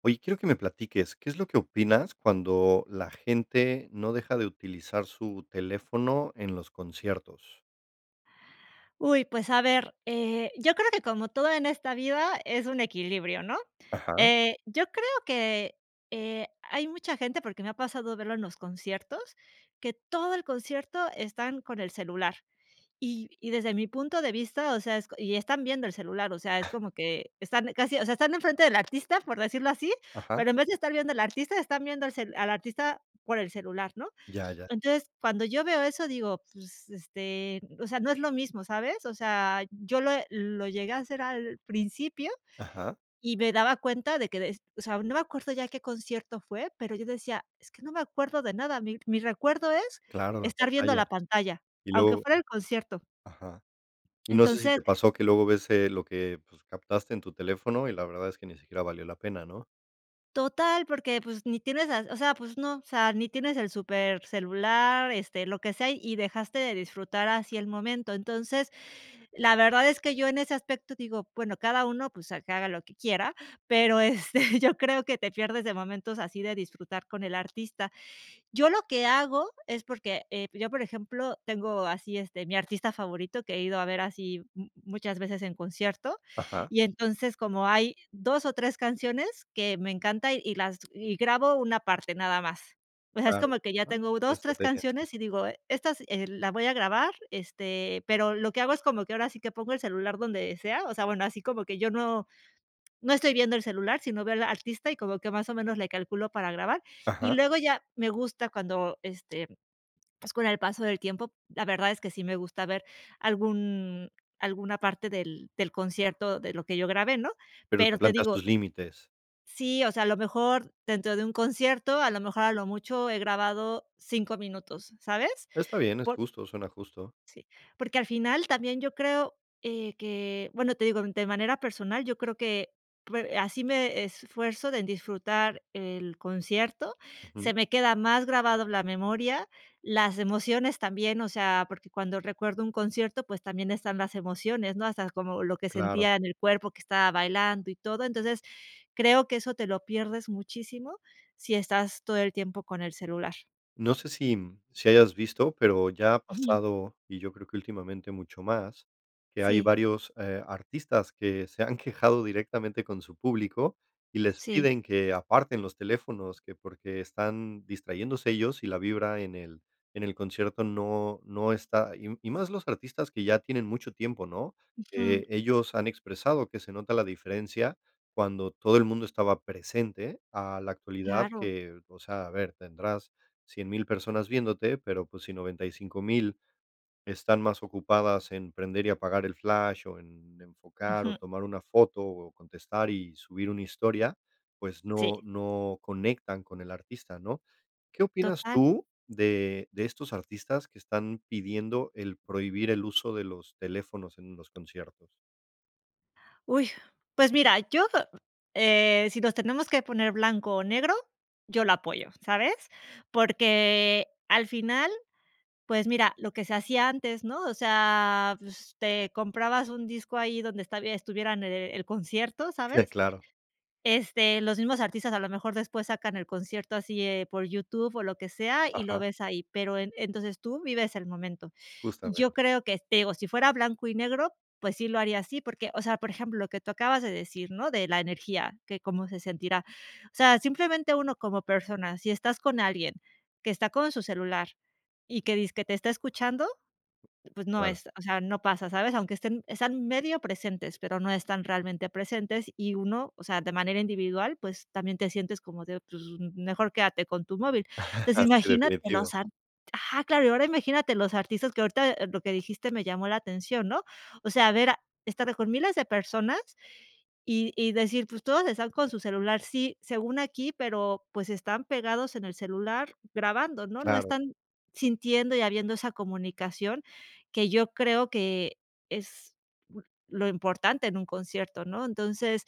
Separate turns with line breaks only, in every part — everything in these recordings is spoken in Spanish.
Oye, quiero que me platiques, ¿qué es lo que opinas cuando la gente no deja de utilizar su teléfono en los conciertos?
Uy, pues a ver, eh, yo creo que como todo en esta vida es un equilibrio, ¿no?
Ajá.
Eh, yo creo que, eh, hay mucha gente, porque me ha pasado verlo en los conciertos, que todo el concierto están con el celular. Y y desde mi punto de vista, o sea, es, y están viendo el celular, o sea, es como que están casi, o sea, están enfrente del artista, por decirlo así,
Ajá.
pero, en vez de estar viendo al artista, están viendo el cel al artista por el celular, ¿no?
Ya, ya.
Entonces, cuando yo veo eso, digo, pues, este, o sea, no es lo mismo, ¿sabes? O sea, yo lo lo llegué a hacer al principio
Ajá.
y me daba cuenta de que de, o sea, no me acuerdo ya qué concierto fue, pero yo decía, es que no me acuerdo de nada, mi mi recuerdo es,
Claro, la
estar viendo
pantalla.
la pantalla,
Y
aunque
luego
fuera el concierto.
ajá, y no sé si
Entonces
te pasó que luego ves, lo que pues, captaste en tu teléfono y la verdad es que ni siquiera valió la pena, ¿no?
Total, porque, pues, ni tienes, o sea, pues no, o sea, ni tienes el supercelular, este, lo que sea, y dejaste de disfrutar así el momento. Entonces, la verdad es que yo en ese aspecto, digo, bueno, cada uno, pues, a que haga lo que quiera, pero, este, yo creo que te pierdes de momentos así de disfrutar con el artista. Yo lo que hago es porque, eh, yo, por ejemplo, tengo así, este, mi artista favorito que he ido a ver así muchas veces en concierto,
Ajá.
y entonces, como hay 2 o 3 canciones que me encanta y las y grabo una parte nada más. O sea, es
Claro,
como que ya
¿no? Es
tengo
buena
2, 3
estrategia, sí,
canciones y
sí.
digo, estas, eh, la voy a grabar, este, pero, lo que hago es como que ahora sí que pongo el celular donde sea. O sea, bueno, así como que yo no no estoy viendo el celular, sino veo el artista y como que más o menos le calculo para grabar. Y
Ajá.
luego ya me gusta cuando, este, pues con el paso del tiempo, la verdad es que sí me gusta ver algún alguna parte del del concierto de lo que yo grabé, ¿no?
Pero, te
Pero te
plantas
digo
tus límites.
sí, o sea, a lo mejor dentro de un concierto, a lo mejor a lo mucho he grabado 5 minutos, ¿sabes?
Está bien, es
Por
justo, suena justo.
sí. Porque, al final también yo creo, eh, que, bueno, te digo, de manera personal, yo creo que pue así me esfuerzo de disfrutar el concierto,
Ujú.
se me queda más grabado en la memoria, las emociones también, o sea, porque cuando recuerdo un concierto, pues también están las emociones, ¿no? Hasta como lo que
Claro.
sentía en el cuerpo que estaba bailando y todo. Entonces, creo que eso te lo pierdes muchísimo si estás todo el tiempo con el celular.
No sé si, mm, si hayas visto, pero ya ha
Ujú.
pasado, y yo creo que últimamente mucho más, que hay
Sí.
varios, eh, artistas que se han quejado directamente con su público y les
Sí.
piden que aparten los teléfonos, que porque están distrayéndose ellos y la vibra en el en el concierto, no no está y y más los artistas que ya tienen mucho tiempo, ¿no?,
Ujú.
eh, ellos han expresado que se nota la diferencia cuando todo el mundo estaba presente a la actualidad
Claro.
que, o sea, a ver, tendrás 100,000 personas viéndote, pero, pues, si 95,000 están más ocupadas en prender y apagar el flash, o en enfocar o
Ujú.
tomar una foto, o contestar y subir una historia, pues, no
Sí.
no conectan con el artista, ¿no?, ¿qué opinas
Total.
tú de de estos artistas que están pidiendo el prohibir el uso de los teléfonos en los conciertos?
¡Uy!, pues mira, yo eh, si nos tenemos que poner blanco o negro, yo lo apoyo, ¿sabes?, porque al final, pues mira, lo que se hacía antes, ¿no?, o sea, pues, te comprabas un disco ahí donde estab estuviera en el concierto, ¿sabes?,
Sí, claro.
este, los mismos artistas a lo mejor después sacan el concierto así, eh, por YouTube o lo que sea y lo
Ajá.
ves ahí, pero en entonces tú vives el momento, yo
Justamente.
creo que te digo, si fuera blanco y negro, pues sí lo haría así, porque, o sea, por ejemplo, lo que tú acabas de decir, ¿no?, de la energía, que cómo se sentirá, o sea, simplemente uno como persona, si estás con alguien que está con su celular y que dizque te está escuchando, pues no
Claro.
es, o sea, no pasa, ¿sabes?, aunque estén, están medio presentes, pero no están realmente presentes, y uno, o sea, de manera individual, pues, también te sientes como de, pues, m mejor quédate con tu móvil, entonces,
Ah sí,
imagínate, los
definitivo.
art ajá, claro, y ahora imagínate los artistas que ahorita, eh, lo que dijiste me llamó la atención, ¿no?, o sea, a ver, a estar con miles de personas y y decir, pues, todos están con su celular, sí, según aquí, pero, pues, están pegados en el celular grabando, ¿no?, no
Claro.
están sintiendo y habiendo esa comunicación que yo creo que es bu lo importante en un concierto, ¿no?, entonces,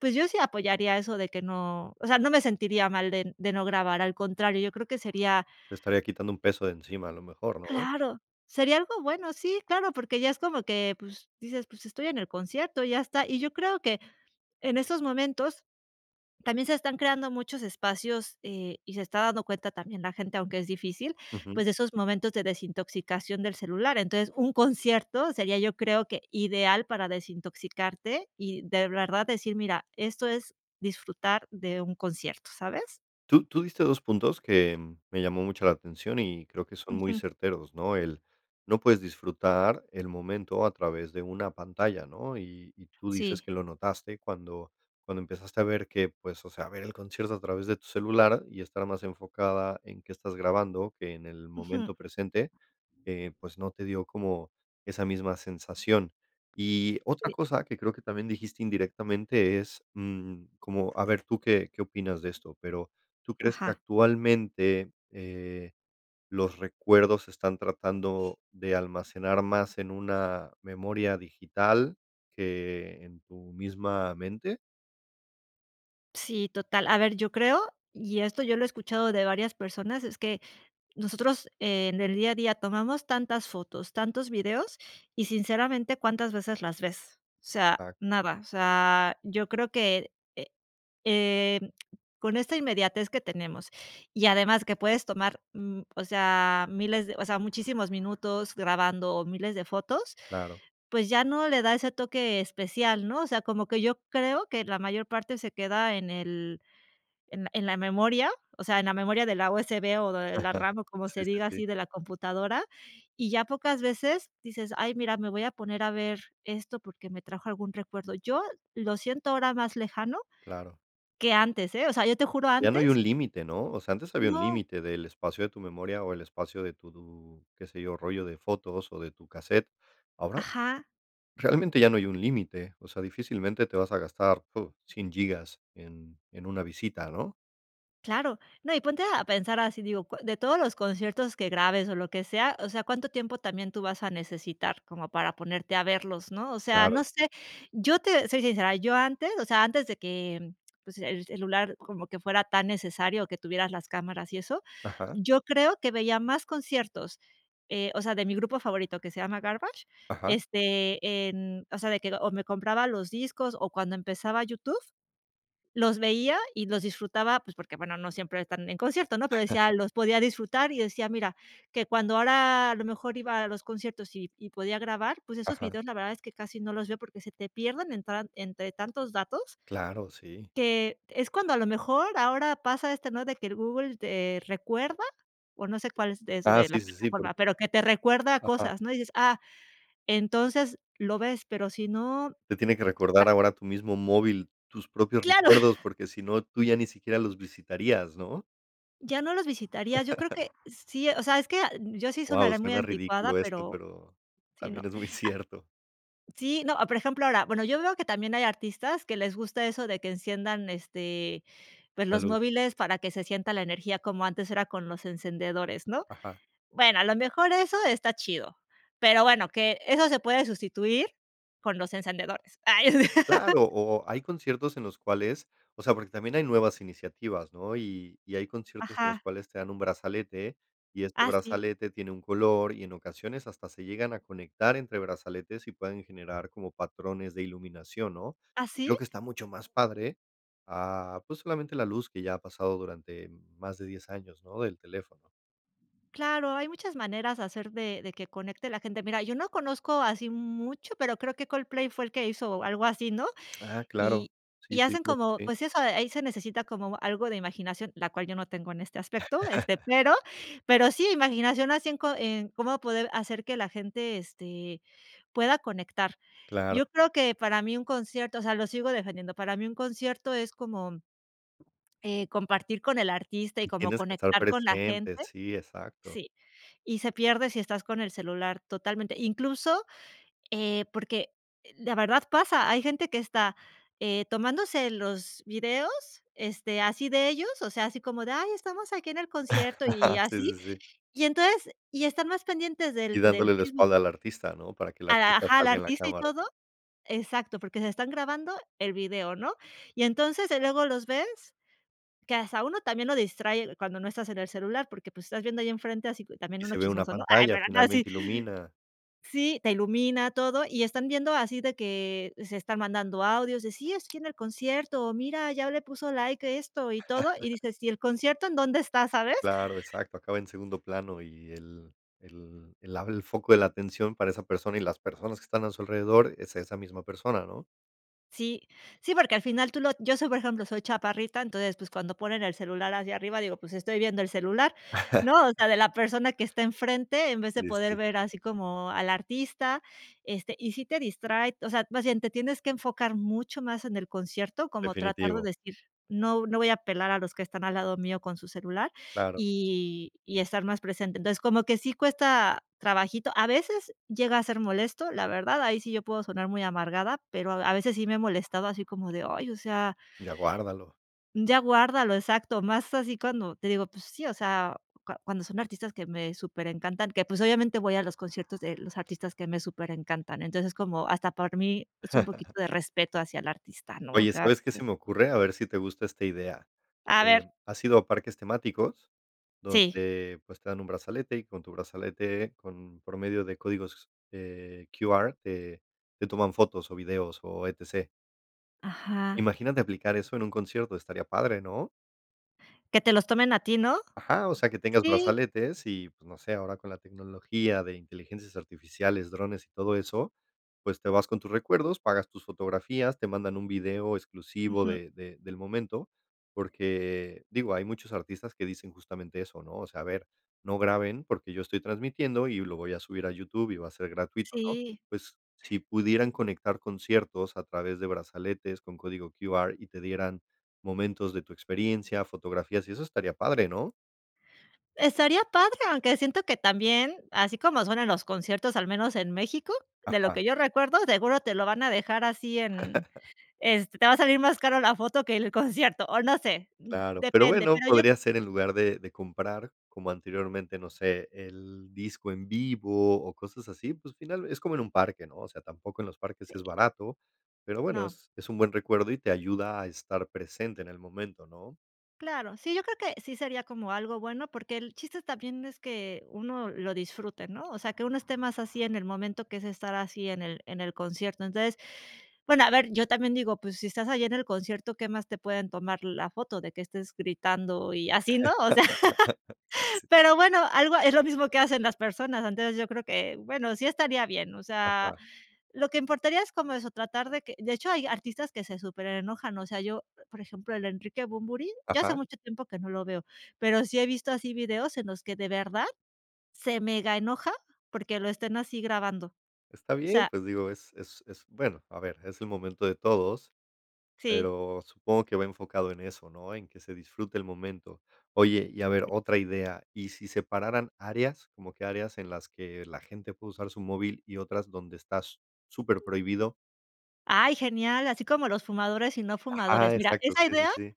pues, yo sí apoyaría eso de que no o sea, no me sentiría mal de de no grabar, al contrario, yo creo que sería
Te estaría quitando un peso de encima a lo mejor, ¿no?
Claro, sería algo bueno, sí, claro, porque ya es como que, pues, dices, pues, estoy en el concierto, ya está, y yo creo que en esos momentos también se están creando muchos espacios, eh, y se está dando cuenta también la gente, aunque es difícil,
Ujú.
pues, de esos momentos de desintoxicación del celular, entonces, un concierto sería, yo creo que ideal para desintoxicarte y de verdad decir: "mira, esto es disfrutar de un concierto", ¿sabes?
Tú tú diste 2 puntos que me llamó mucho la atención y creo que son muy
Ujú.
certeros, ¿no? El, no puedes disfrutar el momento a través de una pantalla, ¿no? Y y tú dices
Sí.
que lo notaste cuando cuando empezaste a ver que, pues, o sea, a ver el concierto a través de tu celular y estar más enfocada en qué estás grabando que en el
Ujú.
momento presente, eh, pues, no te dio como esa misma sensación. Y
Sí.
otra cosa que creo que también dijiste indirectamente es, mm, como, a ver tú qué qué opinas de esto, pero ¿tú crees que
Ajá.
actualmente, eh, los recuerdos se están tratando de almacenar más en una memoria digital que en tu misma mente?
Sí, total, a ver, yo creo, y esto yo lo he escuchado de varias personas, es que nosotros en el día a día tomamos tantas fotos, tantos videos y sinceramente, ¿cuántas veces las ves? O sea,
Exac
nada, o sea, yo creo que, eh eh, con esta inmediatez que tenemos, y además que puedes tomar, mm, o sea, miles de, o sea, muchísimos minutos grabando o miles de fotos,
Claro.
pues, ya no le da ese toque especial, ¿no? O sea, como que yo creo que la mayor parte se queda en el en en la memoria, o sea, en la memoria de la USB o de la RAM o como
Sí,
se
sí,
diga así
sí.
de la computadora, y ya pocas veces dices: "Ay, mira, me voy a poner a ver esto porque, me trajo algún recuerdo", yo lo siento ahora más lejano
Claro.
que antes, eh, o sea, yo te juro
Ya no hay
antes
un límite, ¿no? O sea, antes había un
No.
límite del espacio de tu memoria o el espacio de tu, qué se yo, rollo de fotos o de tu cassette, ahora,
Ajá.
realmente ya no hay un límite, o sea, difícilmente te vas a gastar tú 100 gigas en en una visita, ¿no?
Claro, no, y ponte a a pensar así, digo co de todos los conciertos que grabes o lo que sea, o sea, ¿cuánto tiempo también tú vas a necesitar como para ponerte a verlos?, ¿no? O sea, no
Claro.
sé, yo te soy sincera, yo antes, o sea, antes de que em, pues, el celular como que fuera tan necesario o que tuvieras las cámaras y eso,
Ajá.
yo creo que veía más conciertos, eh, o sea, de mi grupo favorito, que se llama Garbage,
Ajá.
este, en, o sea, de que, o me compraba los discos o cuando empezaba YouTube, los veía y los disfrutaba, pues, porque, bueno, no siempre están en concierto, ¿no? Pero decía, los podía disfrutar y decía, mira, que cuando ahora a lo mejor iba a los conciertos y y podía grabar, pues esos
Ajá.
videos la verdad es que casi no los veo, porque se te pierden entran entre tantos datos
Claro, sí.
que es cuando a lo mejor ahora pasa este, ¿no? De que Google te recuerda, o no sé, cuál es
Ah,
desde
sí,
la
sí, sí,
plataforma,
porque,
pero, que te recuerda
aja.
cosas, ¿no? Dices, ah, entonces lo ves, pero si no,
Te tiene que
ah.
recordar ahora tu mismo móvil, tus propios
¡Claro!
recuerdos, porque, si no, tú ya ni siquiera los visitarías, ¿no?
¿Ya no los visitarías? Yo creo que sí, o sea, es que ah, yo sí
Guau,
sonaré muy
suena
anticuada,
ridículo esto,
pero
pero
si no.
también es muy
Ah
cierto.
Sí, no, ah por ejemplo, ahora, bueno, yo veo que también hay artistas que les gusta eso de que enciendan, este, pues
La
los
luz.
móviles para que se sienta la energía como antes era con los encendedores, ¿no?
Ajá.
Bueno, a lo mejor eso está chido, pero bueno, que eso se puede sustituir con los encendedores. ¡Ay sí!
Claro, o o hay conciertos en los cuales, o sea, porque también hay nuevas iniciativas, ¿no? Y y hay conciertos en los
Ajá.
cuales te dan un brazalete. Y este
Ah, sí.
brazalete tiene un color, y en ocasiones hasta se llegan a conectar entre brazaletes, y pueden generar como patrones de iluminación, ¿no?
¿Ah,
Y
sí?
creo que está mucho más padre, ah, pues, solamente la luz que ya ha pasado durante más de 10 años, ¿no?, del teléfono.
Claro, hay muchas maneras hacer de de que conecte la gente. Mira, yo no conozco así mucho, pero creo que Coldplay fue el que hizo algo así, ¿no?
Ah, claro.
Y
Sí,
y
sí,
hacen
claro que
como,
sí.
pues eso, ahí se necesita como algo de imaginación, la cual yo no tengo en este aspecto, este, pero pero sí, imaginación así en co en cómo poder hacer que la gente, este, pueda conectar.
Claro.
Yo creo que para mí un concierto, o sea, lo sigo defendiendo, para mí un concierto es como eh, compartir con el artista y
Y
como
tienes que estar
conectar con la
presente,
gente.
sí, exacto.
Sí. Y se pierde si estás con el celular totalmente. Incluso, eh, porque la verdad pasa, hay gente que está eh, tomándose los videos, este, así de ellos, o sea, así como de: "Ay, estamos aquí en el concierto", y
Sí, sí,
así.
sí.
Y entonces y están más pendientes
Y
del del
dándole la
Facebook
espalda
y,
al artista, ¿no? Para que el
a la
artista
ajá, al
salga en la
artista y
cámara.
todo. Exacto, porque se están grabando el video, ¿no? Y entonces, eh, luego los ves que hasta uno, también lo distrae, cuando no estás en el celular, porque, pues, estás viendo ahí en frente, así también
Y
uno
se ve una
chismoso, ¿no? Ay,
pantalla,
pero no, así.
finalmente ilumina.
Sí, te ilumina todo, y están viendo así de que se están mandando audios de: "Sí, es que en el concierto", o: "Mira, ya le puso like, a esto y todo", y dices: "¿Y el concierto en dónde está?", ¿sabes?
Claro, exacto, acaba en segundo plano, y el el el abre el foco de la atención para esa persona y las personas que están a su alrededor es esa misma persona, ¿no?
Sí, sí, porque al final tú lo yo soy, por ejemplo, soy chaparrita, entonces, pues, cuando ponen el celular hacia arriba, digo, pues, estoy viendo el celular, ¿no? O sea, de la persona que está enfrente, en vez de
Pues
poder
sí.
ver así como al artista, este, y sí te distrae. O sea, más bien, te tienes que enfocar mucho más en el concierto, como tratar de
Definitivo.
decir: "No no voy a pelar a los que están al lado mío con su celular",
Claro.
y y estar más presente. Entonces, como que sí cuesta trabajito. A veces llega a ser molesto, la verdad, ahí sí yo puedo sonar muy amargada, pero a a veces sí me he molestado así como de: "Ay, o sea
¡Ya guárdalo!
¡ya guárdalo!", exacto, más así cuando te digo, pues sí, o sea, cu cuando son artistas que me superencantan, que, pues, obviamente, voy a los conciertos de los artistas que me superencantan. Entonces, como hasta por mí, es un poquito de respeto hacia el artista, ¿no? O
Oye,
sea,
¿sabes qué
sí.
se me ocurre? A ver si te gusta esta idea.
A ver
Em, ¿has ido a parques temáticos
Sí.
donde, pues, te dan un brazalete y con tu brazalete con promedio de códigos, eh, QR, eh, te toman fotos o videos o E-T-C?
Ajá.
Imagínate aplicar eso en un concierto, estaría padre, ¿no?
Que te los tomen a ti, ¿no?
Ajá, o sea, que tengas
Sí.
brazaletes y, pues, no sé, ahora con la tecnología de inteligencias artificiales, drones y todo eso, pues, te vas con tus recuerdos, pagas tus fotografías, te mandan un video exclusivo
Ujú.
de de del momento, porque, digo, hay muchos artistas que dicen justamente eso, ¿no? O sea, a ver, no graben, porque yo estoy transmitiendo y lo voy a subir a YouTube y va a ser gratuito, ¿no?
Sí.
Pues, si pudieran conectar conciertos a través de brazaletes con código QR y te dieran momentos de tu experiencia, fotografías y eso estaría padre, ¿no?
Estaría padre, aunque siento que también, así como suenan los conciertos, al menos en México, de lo
Ajá.
que yo recuerdo, seguro te lo van a dejar así en este, te va a salir más cara la foto que el concierto, o no sé,
Claro, pero
depende,
bueno,
pero yo
podría ser en lugar de de comprar como anteriormente, no sé, el disco en vivo o cosas así, pues, final es como en un parque, ¿no? O sea, tampoco en los parques
Sí.
es barato, pero bueno,
No.
es es un buen recuerdo y te ayuda a estar presente en el momento, ¿no?
Claro, sí, yo creo que sí sería como algo bueno porque, el chiste también es que uno lo disfrute, ¿no? O sea, que uno esté más así en el momento que es estar así en el en el concierto, entonces, bueno, a ver, yo también digo, pues, si estás allí en el concierto, ¿qué más te pueden tomar la foto de que estés gritando y así, no?, o sea,
Sí.
pero bueno, algo es lo mismo que hacen las personas. Antes, yo creo que, bueno, sí estaría bien, o sea,
Ajá.
lo que importaría es como eso, tratar de que de hecho, hay artistas que se superenojan, o sea, yo, por ejemplo, el de Enrique Bunbury, ya hace
Ajá.
mucho tiempo que no lo veo, pero, sí he visto así videos en los que de verdad se mega enoja porque, lo estén así grabando, o
Está bien,
sea.
pues digo, es es es, bueno, a ver, es el momento de todos,
Sí.
pero, supongo que va enfocado en eso, ¿no? En que se disfrute el momento, oye, y a ver,
Sí.
otra idea, ¿y si separaran áreas? Como que áreas en las que la gente puede usar su móvil y otras donde está superprohibido.
Ay, genial, así como los fumadores y no fumadores.
Ajá.
Mira,
Exacto,
esa
sí, sí,
idea
sí.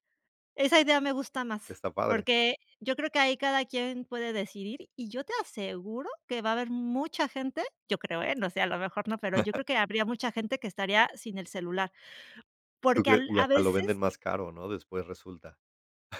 esa idea me gusta más.
Está padre.
Porque yo creo que ahí cada quien puede decidir, y yo te aseguro que va a haber mucha gente yo creo, eh, no sé, a lo mejor no, pero yo creo que habría mucha gente que estaría sin el celular,
¿Tú
porque
crees?
al
Y
a
hasta lo venden
veces
más caro, ¿no?, después resulta.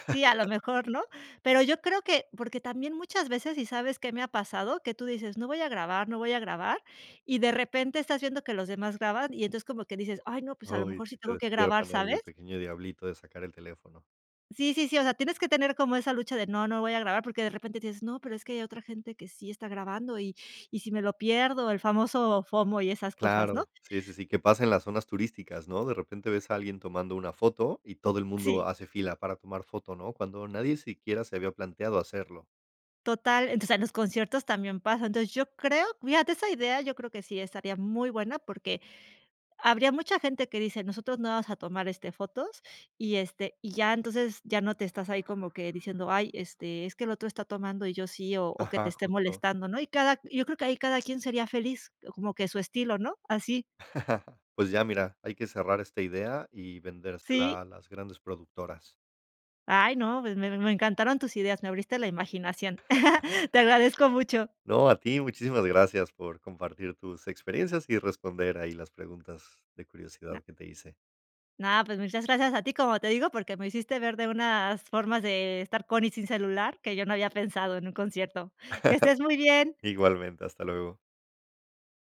Sí, a lo mejor ¿no? Pero yo creo que porque también muchas veces y sabes qué me ha pasado, que tú dices: "No voy a grabar, no voy a grabar", y de repente estás viendo que los demás graban. Y entonces como que dices: "Ay, no, pues a lo
Uy,
mejor sí
si te
tengo que grabar",
despiertan ahí
¿sabes?
el pequeño diablito de sacar el teléfono.
Sí, sí, sí, o sea, tienes que tener como esa lucha de: "No, no voy a grabar", porque de repente dices: "No, pero es que hay otra gente que sí está grabando y y si me lo pierdo". El famoso FOMO y esas cosas, ¿no?
Claro, sí, sí, sí, que pasa en las zonas turísticas, ¿no? De repente ves a alguien tomando una foto, y todo el
Sí.
mundo hace fila para tomar foto, ¿no? Cuando nadie siquiera se había planteado hacerlo.
Total, entonces en los conciertos también pasa. Entonces, yo creo fíjate esa idea, yo creo que sí estaría muy buena porque, habría mucha gente que dice: "Nosotros no vamos a tomar, este, fotos" y este y ya entonces ya no te estás ahí como que diciendo: "Ay, este, es que el otro está tomando y yo sí", o o que
Ajá,
esté
justo.
molestando, ¿no? Y cada q y yo creo que ahí cada quien sería feliz como que a su estilo, ¿no? Así.
Pues ya, mira, hay que cerrar esta ídea y
Sí.
vendersela, a las grandes productoras.
Ay no, pues, me me encantaron tus ideas, me abriste la imaginación. Te agradezco mucho.
No, a ti, muchísimas gracias por compartir tus experiencias y responder ahí las preguntas de
No.
curiosidad que te hice.
No, pues, muchas gracias a ti, como te digo, porque, me hiciste ver de unas formas de estar con y sin celular, que yo no había pensado en un concierto. Que estés muy bien.
Igualmente, hasta luego.